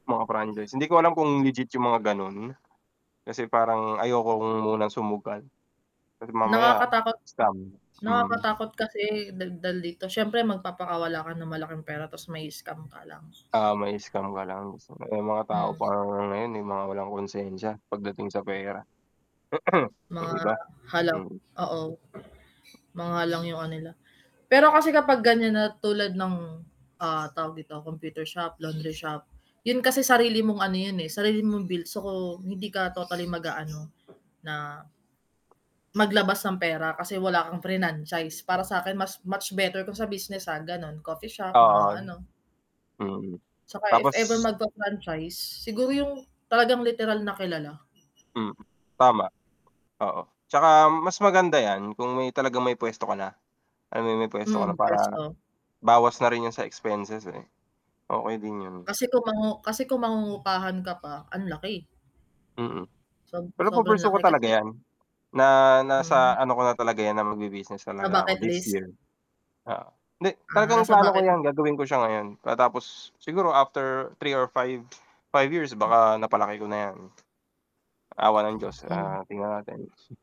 Mga franchise, hindi ko alam kung legit yung mga gano'n. Kasi parang ayoko munang sumugal. Kasi mamaya, Nakakatakot, scam. Hmm. nakakatakot kasi daldal dito siyempre magpapakawala ka ng malaking pera tapos mai-scam ka lang. Ah, mai-scam ka lang. May mga tao Hmm. pa ngang ngayon, eh, mga walang konsensiya pagdating sa pera. Yung Mga iba. halang, Hmm. oo. Mga halang yung kanila. Pero kasi kapag ganyan na tulad ng, ah, tawag dito computer shop, laundry shop. 'Yun kasi sarili mong ano yun, eh, sarili mong built so hindi ka totally mag-aano na, maglabas ng pera kasi wala kang frinanchise para sa 'kin mas much better kung sa business ah, gano'n coffee shop Oo. mga ano Hmm, 'Tsaka if ever tapos magfa-franchise, siguro yung talagang literal na kilala. Hmm, tama. Oo. 'Tsaka mas maganda yan, kung may talagang may puwesto ka na. Alam mo yung puwesto ka na Hmm, para, puwesto. bawas na rin 'yun sa expenses, eh. Okey din 'yun. Kasi kung mangu kasi kung mangungupahan ka pa, ang laki. Mm. Sob Pero sobrang pu-pursue ko laki talaga kasi yan. Na Hmm. nasa ano ko na talaga yan na magbi-business Sa talaga ako bucket this list? year. Oo, hindi, Ah, talagang nasa plano ko bucket yan gagawin ko siya ngayon, pagkatapos siguro after 3 or 5. 5 years Hmm. baka napalaki ko na yan. Awa ng Diyos Hmm. ah, tingnan natin.